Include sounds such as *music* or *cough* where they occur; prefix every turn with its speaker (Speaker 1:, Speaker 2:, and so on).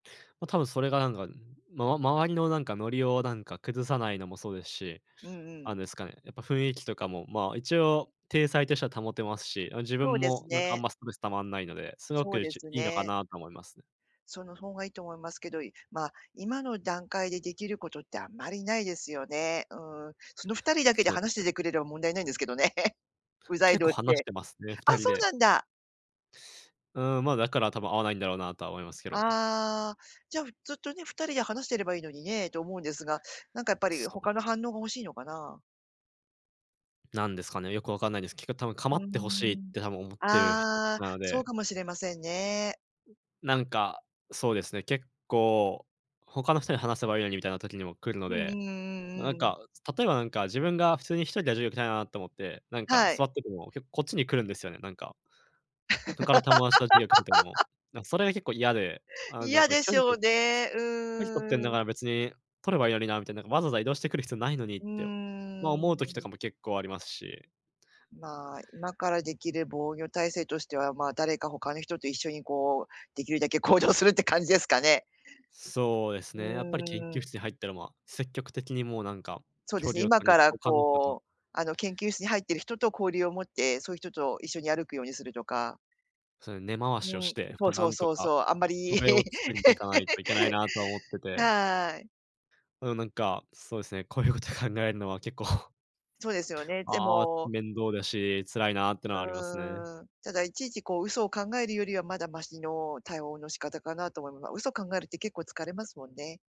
Speaker 1: ま、多分それがなんか、んま周りのなんか、ノリをなんか、崩さないのもそうですし。
Speaker 2: うんうん。
Speaker 1: あんですかね、やっぱ雰囲気とかも、ま、一応体裁としては保てますし。あ、自
Speaker 2: そう
Speaker 1: 分
Speaker 2: です
Speaker 1: もなんか、あん
Speaker 2: ね。
Speaker 1: まストレス溜まんないので。すご
Speaker 2: そう
Speaker 1: く、
Speaker 2: で
Speaker 1: ち
Speaker 2: す
Speaker 1: いいのか
Speaker 2: ね。
Speaker 1: なと思います。
Speaker 2: その方がいいと思いますけど。いまあ、今の段階でできることって、あんまりないですよね。うん。その2人だけで
Speaker 1: そう
Speaker 2: 話して
Speaker 1: ね。
Speaker 2: てくれれば、問題ないんですけどね。うざい
Speaker 1: 結構
Speaker 2: 同士
Speaker 1: 話し
Speaker 2: で。
Speaker 1: てますね。ふ
Speaker 2: あ、
Speaker 1: たり
Speaker 2: そう
Speaker 1: で。
Speaker 2: なんだ。
Speaker 1: うん。ま、だから多分、合わないんだろうなとは思いますけどね。
Speaker 2: ああ、じゃ、ふずっとね、2人で話してればいいのにね、と思うんですが。なんかやっぱり、
Speaker 1: そう
Speaker 2: 他の反応が欲しいのかな。
Speaker 1: なんですかね、よくわかんないです。結局多分、
Speaker 2: う
Speaker 1: 構
Speaker 2: ー
Speaker 1: って欲しいっ
Speaker 2: ん。
Speaker 1: て多分、思ってる人たち
Speaker 2: ああ、
Speaker 1: なの
Speaker 2: そう
Speaker 1: で。
Speaker 2: かもしれませんね。
Speaker 1: なんか、そうですね、結構「他の人に話せばいいのに」みたいな時にも来るの
Speaker 2: うんう
Speaker 1: で。
Speaker 2: んうん
Speaker 1: ななん
Speaker 2: うんうん。
Speaker 1: か、例えばなんか、自分が普通に1人で授業受けたいなと思って、なんか、
Speaker 2: はい。
Speaker 1: 座ってても、結構こっちに来るんですよね。なんか。他の友達と授業受けてても、
Speaker 2: *laughs*
Speaker 1: なんそれが結構嫌で。あ、なん
Speaker 2: 嫌
Speaker 1: か
Speaker 2: で
Speaker 1: きゃ
Speaker 2: し
Speaker 1: り
Speaker 2: ょ
Speaker 1: と
Speaker 2: う
Speaker 1: って
Speaker 2: ね。う
Speaker 1: *unintelligible*「距離とってんだ
Speaker 2: ーん。
Speaker 1: から、別に取ればいいのにな」みたいな。なんか「わざわざ移動してくる必要ないのに」っ
Speaker 2: う
Speaker 1: て、まあ、
Speaker 2: ー
Speaker 1: 思
Speaker 2: ん。
Speaker 1: う時とかも
Speaker 2: *unintelligible*
Speaker 1: 結構ありますし。
Speaker 2: まあ、今からできる防御体制としては、まあ、誰か他の人と一緒にこう、できるだけ、行動するって感じですかね。
Speaker 1: そうです
Speaker 2: うー
Speaker 1: ね。やっぱり研究
Speaker 2: ん。
Speaker 1: 室に入ったら、まあ、積極的に、もうなんか、
Speaker 2: そうで
Speaker 1: 距
Speaker 2: すね、
Speaker 1: 離を
Speaker 2: 今
Speaker 1: 取
Speaker 2: か
Speaker 1: り *unintelligible*
Speaker 2: ら
Speaker 1: 他の人と。
Speaker 2: こう、あの、研究室に入ってる人と交流を持って、そういう人と一緒に、歩くようにするとか。
Speaker 1: そういう根回し
Speaker 2: う
Speaker 1: をし
Speaker 2: ん、
Speaker 1: て、
Speaker 2: そ
Speaker 1: ま、
Speaker 2: う
Speaker 1: な
Speaker 2: そう
Speaker 1: んと
Speaker 2: そう
Speaker 1: か、
Speaker 2: そう。あんまり。
Speaker 1: 壁を作りにいかないといけないな、とは思って
Speaker 2: *laughs*
Speaker 1: て。
Speaker 2: はい。
Speaker 1: *unintelligible* なんか、そうですね、こういうこと考えるのは結構
Speaker 2: そうですよね。で
Speaker 1: ああ、
Speaker 2: も
Speaker 1: 面倒だし、辛いなっての
Speaker 2: う
Speaker 1: はありますね。
Speaker 2: ーん、ただ、いちいちこう、嘘を考えるよりは、まだマシの対応の仕方かなと思いま嘘を考えるって、結構疲れますもんね。